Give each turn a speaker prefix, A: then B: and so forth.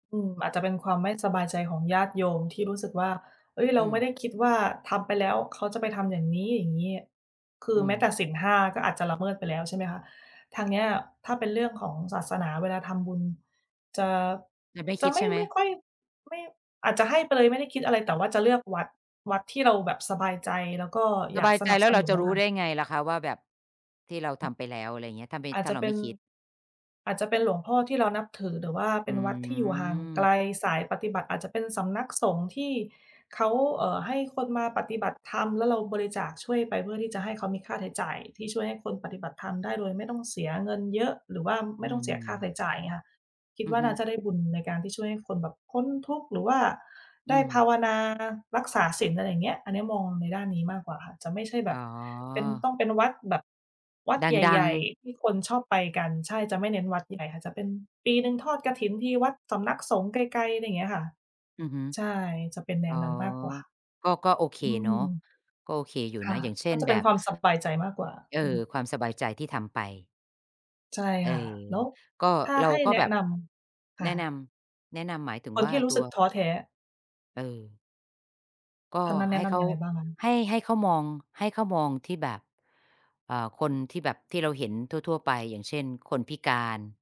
A: อืม อาจจะเป็นความไม่สบายใจของญาติโยมที่รู้สึกว่า "เฮ้ย เร
B: อ
A: า
B: ื
A: ไ
B: ม
A: ม่ได้คิดว่าทำไปแล้ว เขาจะไปทำอย่างนี้ อย่างงี้" คือ
B: อื
A: แม้แต่
B: ม
A: ศีล 5 ก็อาจจะละเมิดไปแล้ว ใช่ไหมคะ? ทางเนี้ยถ้าเป็นเรื่องของศาสนาเวลาทำบุญ จะ
B: จะไม่
A: จ
B: ค
A: ะ
B: ิด
A: ไม
B: ใช
A: ่
B: ่ไหม?
A: ไม่ค่อย ไม่ อาจจะให้ไปเลยไม่ได้คิดอะไร แต่ว่าจะเลือกวัด วัดที่เราแบบสบายใจ แล้วก็อ
B: ส
A: ยา
B: บ
A: ก
B: าย
A: ส
B: ใจ
A: นับ
B: แล้
A: ส
B: วเร
A: น
B: า
A: ุน
B: จะ
A: น่ะ
B: รู
A: ค
B: ้
A: ่
B: ไ
A: ะ
B: ด้ไงล่ะคะว่าแบบ ที่เราทำไปแล้ว อะไรอย่างเงี้ย ถ้าไม่
A: อาจ
B: ถ้
A: จ
B: า
A: ะ
B: เร
A: เ
B: า
A: ป
B: ไ
A: ็
B: ม่
A: น
B: คิด
A: อาจจะเป็นหลวงพ่อที่เรานับถือ หรือว่าเ
B: อ
A: ป
B: ื
A: ็นวัดที่อยู่ห่างไก
B: ม
A: ลสายปฏิบัติ อาจจะเป็นสำนักสงฆ์ที่เขา เอ่อ ให้คนมาปฏิบัติธรรม แล้วเราบริจาคช่วยไปเพื่อที่จะให้เขามีค่าใช้จ่ายที่ช่วยให้คนปฏิบัติธรรมได้โดยไม่ต้องเสียเงินเยอะ หรือว่าไ
B: อื
A: ม่ต้องเสียค่าใช
B: ม
A: ้จ่ายงี้ค่ะ อย่างเงี้ยค่ะ คิด
B: อื
A: ว่
B: อ
A: า
B: ฮ
A: น
B: ึ
A: ่าจะได้บุญในการที่ช่วยให้คนแบบพ้นทุกข์ หรือว่า
B: อ
A: ไ
B: ื
A: ด้ภา
B: ม
A: วนารักษาศีล อะไรอย่างเงี้ย อันนี้มองในด้านนี้มากกว่าค่ะ จะไม่ใช่แบ
B: อ๋
A: บ
B: อ
A: เป็น ต้องเป็นวัดแบบ วัด
B: ด
A: ใ
B: ั
A: หญ
B: ง
A: ่
B: ๆ
A: ๆ ที่คนชอบไปกัน ใช่ จะไม่เน้นวัดใหญ่ค่ะ จะเป็นปีหนึ่งทอดกฐินที วัดสำนักสงฆ์ไกล ๆ อะไรเงี้ยค่ะ
B: อือฮึ
A: ใช่ จะเป็นแน
B: อ๋อ
A: วนั้นมากกว่า
B: ก็ ก็โอเค
A: อื
B: เนา
A: ม
B: ะ ก็โอเคอยู่
A: ค
B: น
A: ่
B: ะ
A: ะ
B: อย่างเช
A: ก
B: ่
A: ็
B: น
A: จะ
B: แ
A: เ
B: บ
A: ป็น
B: บ
A: ความสบายใจมากกว่า
B: เอ
A: อื
B: อ
A: ม
B: ความสบายใจที่ทำไป
A: ใช่
B: เออ
A: ค่ะ แล้ว
B: ก็
A: ถ้า
B: เรา
A: ให้
B: ก็
A: แนะ
B: แบบ
A: นำ ค
B: แ
A: ่
B: นะน
A: ะ
B: ำ แนะนำหมายถึง
A: คน
B: ว่
A: ท
B: า
A: ี่รู
B: ต
A: ้
B: ั
A: สึ
B: ว
A: กท้อแท้
B: เออ ก็
A: ทางนั้นแน
B: ให
A: ะ
B: ้
A: น
B: เข
A: ำย
B: า
A: ังไงบ้างคะ?
B: ให้ ให้เขามอง ให้เขามองที่แบบ เอ่อ คนที่แบบที่เราเห็นทั่ว ๆ ไป อย่างเช่น คนพิการ